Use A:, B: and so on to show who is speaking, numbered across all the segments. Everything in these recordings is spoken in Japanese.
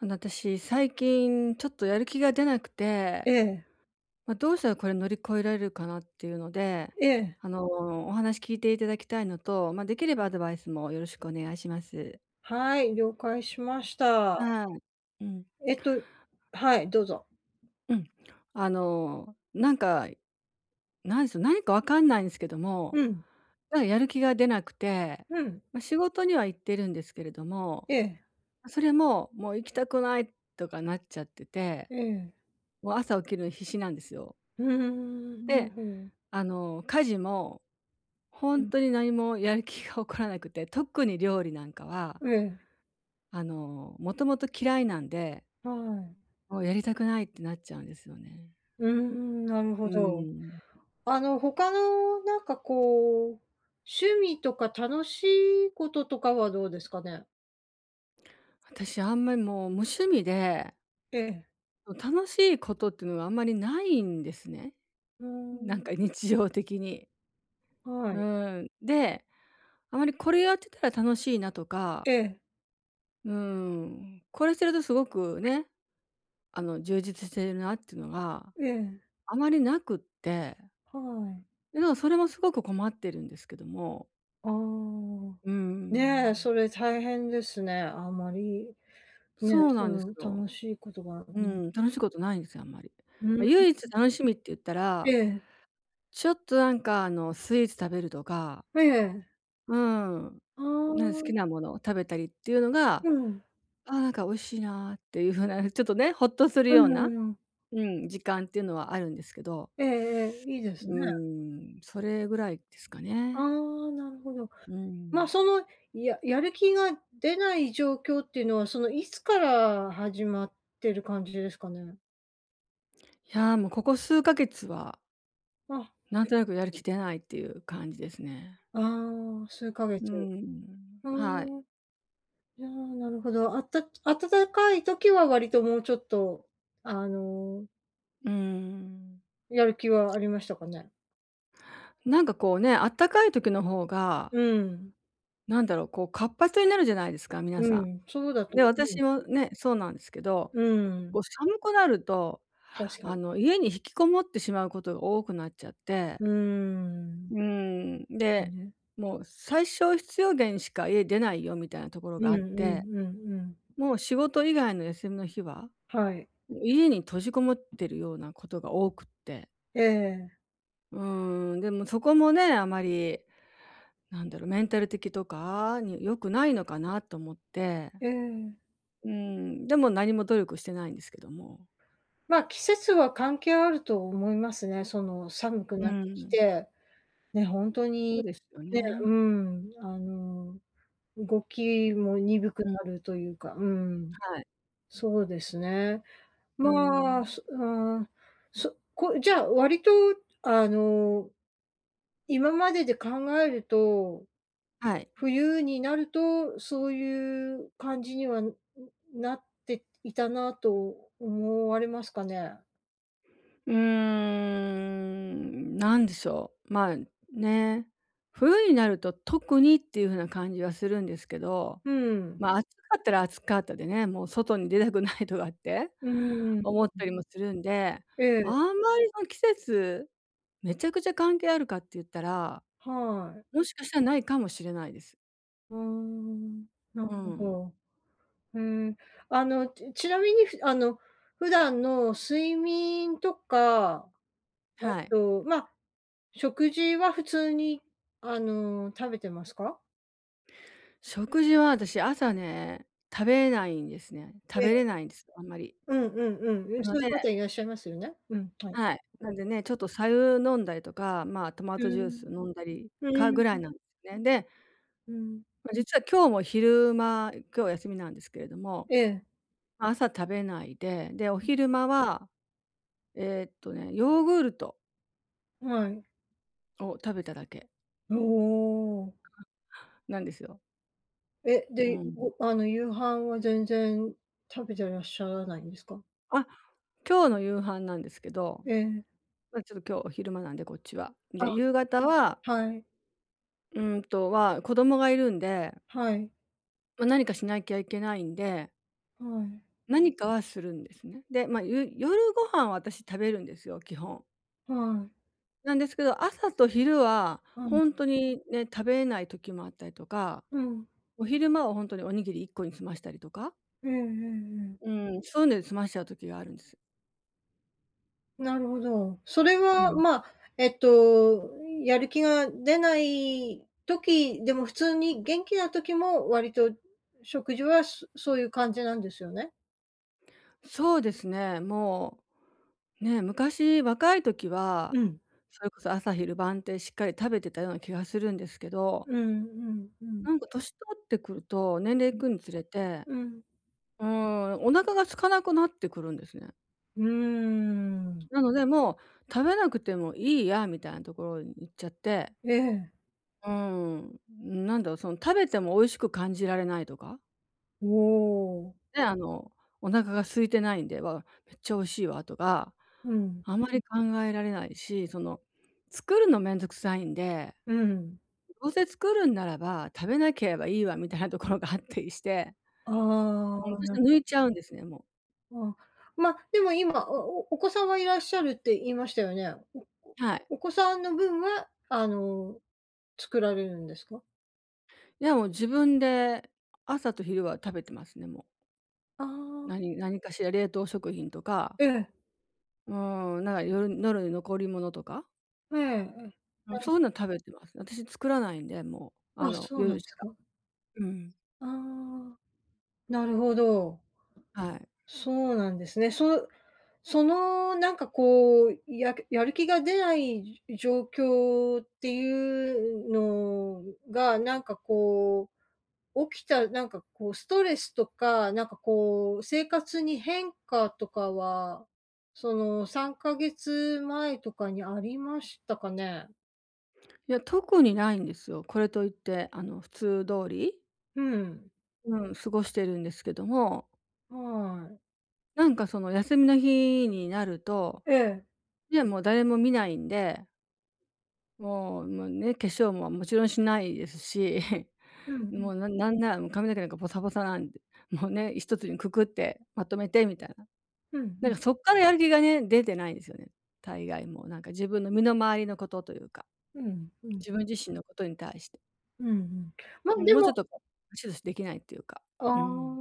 A: あの、私最近ちょっとやる気が出なくて。
B: ええ。
A: ま、どうしたらこれ乗り越えられるかなっていうので、
B: ええ。
A: あの、お話聞いていただきたいのと、ま、できればアドバイスもよろしくお願いします。
B: はい、了解しました。
A: はい。うん。
B: えっとはい、どうぞ。
A: うん、あの、なんか、なんしょ、何かわかんないんすけども、
B: うん。
A: なんか、やる気が出なくて、
B: うん。
A: ま、仕事には行ってるんですけれども、
B: ええ。
A: あ、それも「もう、行きたくない」とかなっちゃってて、
B: ええ。
A: もう、朝起きるのに必死なんですよ。
B: うーん、なる
A: で、
B: ほど。
A: あの、家事もほ
B: う
A: ん
B: ん。
A: とに何もやる気が起こらなくて、特に料理なんかは
B: ええ。
A: あの、もともと嫌いなんで
B: はい。
A: もう、やりたくないってなっちゃうんですよね。
B: うーん、なる
A: う
B: ほど。
A: ーん。
B: あの、他の、なんかこう、趣味とか楽しいこととかはどうですかね？
A: 私、あんまりもう、無趣味で
B: ええ。
A: ん、楽しいことってのはあんまりないんですね。
B: うー
A: なん
B: ん。
A: か日常的に。う
B: はい。
A: ーん、で、あまりこれやってたら楽しいなとか
B: ええ。
A: うーん、これしてるとすごく、ね、あの、充実しているなってのが、
B: ええ。
A: あまりなくって
B: はい。
A: えの、それもすごく困ってるんですけども。
B: ああ、
A: うー
B: ねえ、
A: ん。
B: それ大変ですね。あんまり、ね、
A: そう
B: そ
A: なんです
B: の、
A: よ。
B: 楽しいことがう
A: う
B: ん。
A: ん、楽しいことないんですよ、あんまり。
B: うー
A: ま、唯一
B: ん。
A: 楽しみって言った
B: え
A: ら、
B: え。
A: ちょっとなんか、あの、スイーツ食べるとか
B: ええ。
A: うーん。
B: あ
A: なん、好き
B: あ。
A: なものを食べたりっていうのが
B: うん。
A: 「ああ、なんか美味しいな」っていう風なちょっとね、ほっとする
B: う
A: ような
B: んうん。
A: うん、時間ってのはあるんですけど。
B: ええええ、いいで
A: う
B: す
A: ー
B: ね。
A: ん、それぐらいですか
B: あ
A: ね。
B: あ、なるほど。
A: う
B: ま、
A: ん。
B: その、ややる気が出ない状況っていうのは、その、いつから始まってる感じですかね？
A: いや、もうここ数ヶ月は
B: あ、
A: なんとなくやる気
B: [unintelligible]
A: 出ないっていう感じですね。
B: ああ、数ヶ
A: う
B: 月。
A: ん、
B: ふ
A: はい。
B: ーん。いや、なるほど。あった暖かい時は割ともうちょっと、あの
A: うん。
B: やる気はありましたかね？
A: なんかこうね、あったかい時の方が
B: うん。
A: なんだろう、こう活発になるじゃないですか、皆
B: う
A: さ
B: ん、そうだ
A: ん。
B: と
A: で、
B: 思う
A: 私は
B: [unintelligible]
A: ね、そうなんですけど、
B: うん。
A: こう寒くなると
B: 確か
A: あ
B: に。
A: の、家に引きこもってしまうことが多くなっちゃって
B: うー
A: う
B: ん。
A: ーん、で、
B: ね。
A: もう最小必要限しか家出ないよ、みたいなところ
B: う
A: が
B: ん
A: あっ
B: う
A: て。
B: んうんうん。
A: もう仕事以外の休みの日は、
B: はい。
A: 家に閉じこもってるようなことが多くって。
B: ええ。
A: うーん、でも、そこもね、あまりなんだろう、メンタル的とかに良くないのかなと思って。
B: ええ。
A: うん、でも何も努力してないんですけども。
B: ま、季節は関係あると思いますね。その、寒く
A: う
B: なってき
A: ん。
B: て、ね、ほんと
A: そ
B: に、
A: うですよ
B: ねう
A: ね。
B: ん、あの、動きも鈍く
A: うん。
B: なるというか、うん。
A: はい。
B: そうですね。
A: う
B: まあ、
A: ん。
B: そああ、そこじゃあ割と、あの、今までで考えると、
A: はい。
B: 冬になると、そういう感じには、ん、なっていたなと思われますかね？
A: うーん、何でしょう、ま、ね、冬になると特にっていう風な感じはするんですけど、
B: うん。
A: ま、暑かったら暑かったでね、もう、外に出たくないとかって
B: うーん。う
A: 思っ
B: ん。
A: たりもするんで、
B: え
A: あ
B: え。
A: んまり、その季節、めちゃくちゃ関係あるかって言ったら、
B: はい。
A: もしかしたら、ないかもしれないです。
B: うーん、なる
A: う
B: ほ
A: ん。
B: ど。ふーん。あの、ちちなみにふあの、普段の睡眠とか、あ
A: はい。
B: と、ま、食事は普通にあの、食べてますか？
A: 食事は私、朝ね、食べないんですね。食
B: え
A: べれ
B: え。
A: ないんです、あんまり。
B: うんうんうん。う
A: な
B: ん、
A: の
B: そうい
A: で
B: う方いらっしゃいますよね。うん、はい。
A: はい、なんでね、ち
B: [unintelligible]
A: ょっと白湯飲んだりとか、ま、トマ
B: う
A: トジュース
B: ん、
A: 飲んだり、
B: う
A: か、
B: ー
A: ぐらい
B: ん。
A: なんですね。で、
B: うん。
A: ま、実は今日も昼間、今日は休みなんですけれども、
B: ええ。
A: 朝、食べないで、で、お昼間は、えっとね、ヨーグルト
B: はい。
A: を食べただけ。
B: おお。
A: なんですよ。
B: え、
A: う
B: で、
A: ん。
B: ごあの、夕飯は全然食べてらっしゃらないんですか？
A: あ。今日の夕飯なんですけど、
B: ええ。
A: ま、ちょっと今日、お昼間なんでこっちは。
B: あ、
A: で、夕方は
B: はい。
A: うんと、は、子供がいるんで
B: はい。
A: ま、何かしなきゃいけないんで
B: はい。
A: 何かはするんですね。で、ま、ゆ夜ご飯は、私食べるんですよ、基本。
B: はい。
A: なんですけど、朝と昼は
B: う
A: ほ
B: ん。
A: んとにね、食べれない時もあったりとか、
B: うん。
A: お昼間はほんとにおにぎり1個に済ましたりとか
B: うんうんうん。
A: うん、そういうので済ましちゃう時があるんです。
B: なるほど。それ
A: う
B: は、
A: ん。
B: まあ、えっと、やる気が出ない時でも、普通に元気な時も、割と食事はそそういう感じなんですよね？
A: そうですね、もう、ね、昔若い時は、
B: うん。
A: それこそ朝昼晩ってしっかり食べてたような気がするんですけど
B: うんうんうん。
A: なんか年取ってくると、年齢いくにつれて
B: うん。
A: うーん、お腹が空かなくなってくるんですね。
B: うーん。
A: なので、もう食べなくてもいいやみたいなところにいっちゃって。
B: ええ。
A: うーん、なんだろう、その食べても美味しく感じられないとか？
B: おお。
A: で、あの、お腹が空いてないんで「わ、調子良いわ」とか、
B: うん。
A: あまり考えられないし、その作るのめんどくさいんで、
B: うん。
A: どうせ作るんならば「食べなければいいわ」みたいなところがあったりして。
B: あ
A: うん、
B: あ、
A: そし
B: な
A: て抜いちゃうんですね、もう。
B: ああ、ま、でも今、おおお子さんはいらっしゃるって言いましたよね？おこ
A: はい。
B: お子さんの分は、あの、作られるんですか？
A: いや、もう、自分で朝と昼は食べてますね、もう。
B: ああ。
A: 何何かしら冷凍食品とか
B: ええ。
A: もう、なんか夜のる残り物とか？
B: ええ、え。
A: も、そ
B: [unintelligible]
A: ういうの食べてますね。私作らないんで、もう、あ
B: あ、
A: の、
B: そうな
A: 夜
B: んで
A: し
B: す
A: か。
B: か。
A: うん。
B: ああ、なるほど。
A: はい。
B: そうなんですね。そそのなんかこう、やくやる気が出ない状況っていうのが、なんかこう、起きた、なんかこう、ストレスとか、なんかこう、生活に変化とかは、その3か月前とかにありましたかね？
A: いや、特にないんですよ。これといってあの普通通り
B: うん。
A: うん、過ごしてるんですけども。
B: はい。
A: なんかその休みの日になると
B: ええ。
A: いやもう誰も見ないんでもうもうね、化粧ももちろんしないですし、
B: うんう
A: も
B: ん。
A: うなんなんならもう髪の毛なんかボサボサなんで、もうね、1つにくくってまとめてみたいな。
B: うんう
A: なん
B: ん。
A: かそっからやる気がね、出てないんですよね、大概もうなんか自分の身の回りのことというか。
B: うんうん。
A: 自分自身のことに対して。
B: うんうん。ま、
A: うーん、
B: で
A: もうちょっ
B: も
A: とこう [unintelligible] できないっていうか。
B: ああ。
A: うん。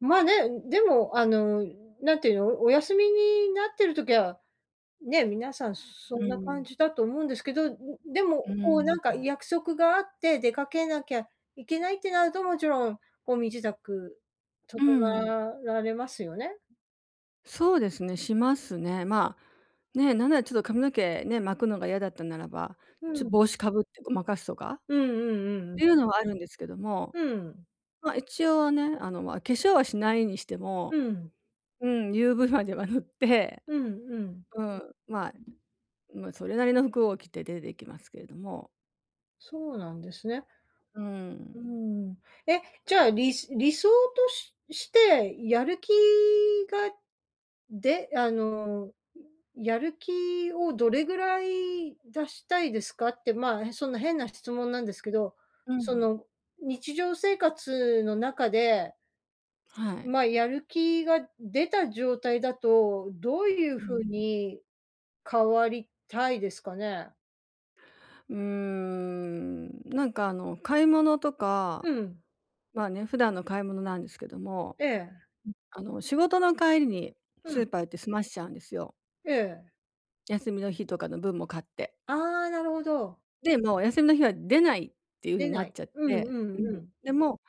B: まあね、う、でも、あのなんていうの、お休みになってる時は、ね、皆さんそ
A: う
B: んな感
A: ん。
B: じだと思うんですけど、ん、で
A: う
B: もこ
A: ー
B: うなんか
A: ん。
B: 約束があって出かけなきゃいけないってなると、もちろんこう身支度整
A: うん。
B: あられますよね？
A: そうですね、しますね。まあ、ね、なんならちょっと髪の毛、ね、巻くのが嫌だったならば、
B: う
A: ちょ
B: ん。
A: 帽子かぶって誤魔化すとか、
B: うんうんうん
A: っ
B: うん。
A: ていうのはあるんですけども。
B: ふん。
A: ま、一応ね、あの、まあ、化粧はしないにして
B: う
A: も
B: ん。
A: うん、UV までは塗って
B: うんうん。
A: うん、まあま、それなりの服を着て出て行きますけれども。
B: そうなんですね。
A: うー
B: う
A: ん。
B: ん。え、じゃあ、り理想とししてやる気がであの、やる気をどれぐらい出したいですかって、ま、そんな変な質問なんですけど、
A: う
B: そ
A: ん。
B: の、日常生活の中で
A: はい。
B: まあ、やる気が出た状態だと、どういう
A: う
B: 風
A: ん。
B: に変わりたいですかね？
A: うーん。なんか、あの、買い物とか、
B: うん。
A: まあね、普段の買い物なんですけども、
B: ええ。
A: あの、仕事の帰りに
B: う
A: ス
B: ん。
A: ーパー行って済ましちゃうんですよ。
B: ええ。
A: 休みの日とかの分も買って。
B: ああ、なるほど。
A: で、もう、お休みの日は出ないっていう風
B: 出
A: にな
B: な
A: っ
B: い。
A: ちゃっ
B: うん
A: て
B: う
A: うん。
B: んうん。
A: で、も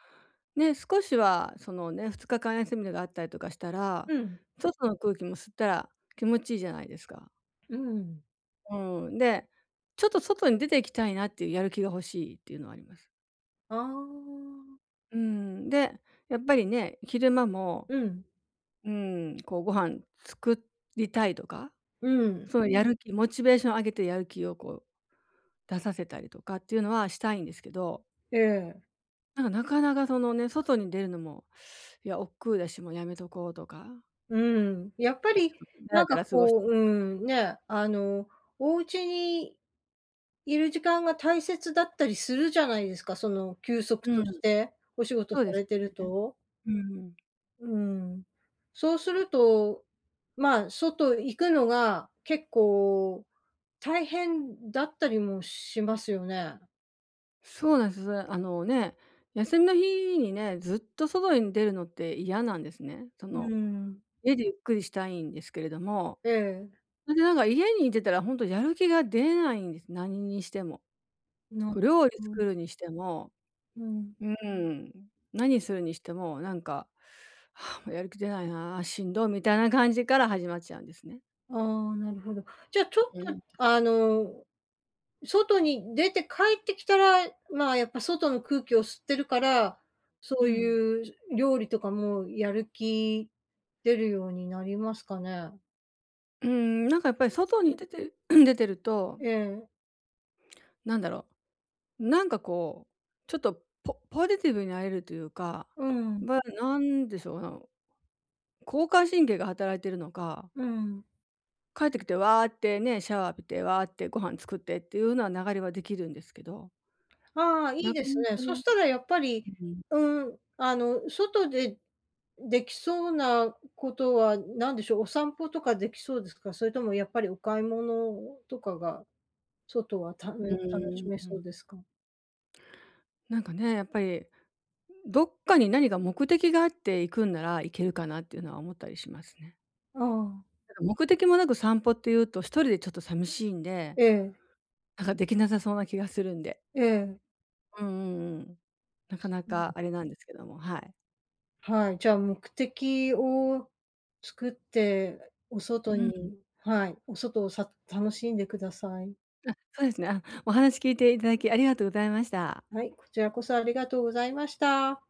A: う、ね、少しは、その、ね、2日間休みがあったりとかしたら、
B: うん。
A: 外の空気も吸ったら気持ちいいじゃないですか。
B: うん。
A: うん。で、ちょっと外に出ていきたいなっていう、やる気が欲しいっていうのはあります。
B: ああ。
A: うん、で、やっぱりね、昼間も、
B: うん。
A: うーん、こうご飯作りたいとか、
B: うん。
A: そういうやる気、モチベーションを上げてやる気をこう出させたりとかっていうのはしたいんですけど。
B: ええ。
A: なんかなかなかそのね、外に出るのも、いや億劫だし、もうやめとこうとか。
B: うん、
A: え、
B: やっぱ
A: ちょ
B: り
A: っとダ
B: な
A: ラ
B: ん
A: ダ
B: か
A: ラ過ごし
B: こ
A: て
B: う
A: とか。
B: うん、ね、あのお家にいる時間が大切だったりするじゃないですか、その休息
A: う
B: と
A: ん。
B: して、お仕事
A: そ
B: さ
A: うで
B: れ
A: す
B: てる
A: よね。
B: と。
A: うん。
B: うん、そうすると、まあ外行くのが結構大変だったりもしますよね。
A: そうなんです。それで、あのね、休みの日にね、ずっと外に出るのって嫌なんですね。そ
B: う
A: の、
B: ん。
A: 家でゆっくりしたいんですけれども。
B: うん。
A: それでなんか家にいてたらほんとにやる気が出ないんです。何にしても。
B: の
A: こう料理
B: うん。
A: 作るにしても、
B: うん。
A: うーん、何するにしてもなんか もうやる気出ないな、しんどみたいな感じから始まっちゃうんですね。
B: ああ、なるほど。じゃあ、ちょっ
A: う
B: と、
A: ん。
B: あの、外に出て帰ってきたら、まあ、やっぱ外の空気を吸ってるから、
A: う
B: そう
A: ん。
B: いう、料理とかもやる気出るようになりますかね？
A: うーん、なんかやっぱり外に出て 出てると
B: ええ。
A: なんだろう、なんかこう、ちょっとポポジティブになれるというか、
B: うん。
A: ま、なんでしょうな、交感神経が働いてるのか
B: うん。
A: 帰ってきてわあってね、シャワー浴びてわあってご飯作ってっていうのは、流れはできるんですけど
B: ああ、い
A: な
B: い
A: か
B: です
A: な
B: ね。
A: か
B: そ
A: ね、
B: したらやっぱり
A: うん。
B: うん、あの、外でできそうなことは何でしょう、お散歩とかできそうですか？それともやっぱりお買い物とかが、外はため
A: う
B: 楽
A: ー
B: し
A: ん、
B: め
A: う
B: そ
A: ん。
B: うですか？
A: なんかね、やっぱり、どっかに何か目的があって行くんなら、行けるかなっていうのは思ったりしますね。
B: ああ。
A: なんか目的もなく散歩っていうと、一人でちょっとさみしいんで、
B: ええ。
A: なんかできなさそうな気がするんで。
B: ええ。
A: うんうんうん。なかな
B: う
A: か
B: ん。
A: あれなんですけども、はい。
B: はい、じゃ目的を作って、お外
A: うん。
B: にはい、お外をさ楽しんでください。
A: あ、そうですね。あ、お話聞いていただき、ありがとうございました。
B: はい、こちらこそありがとうございました。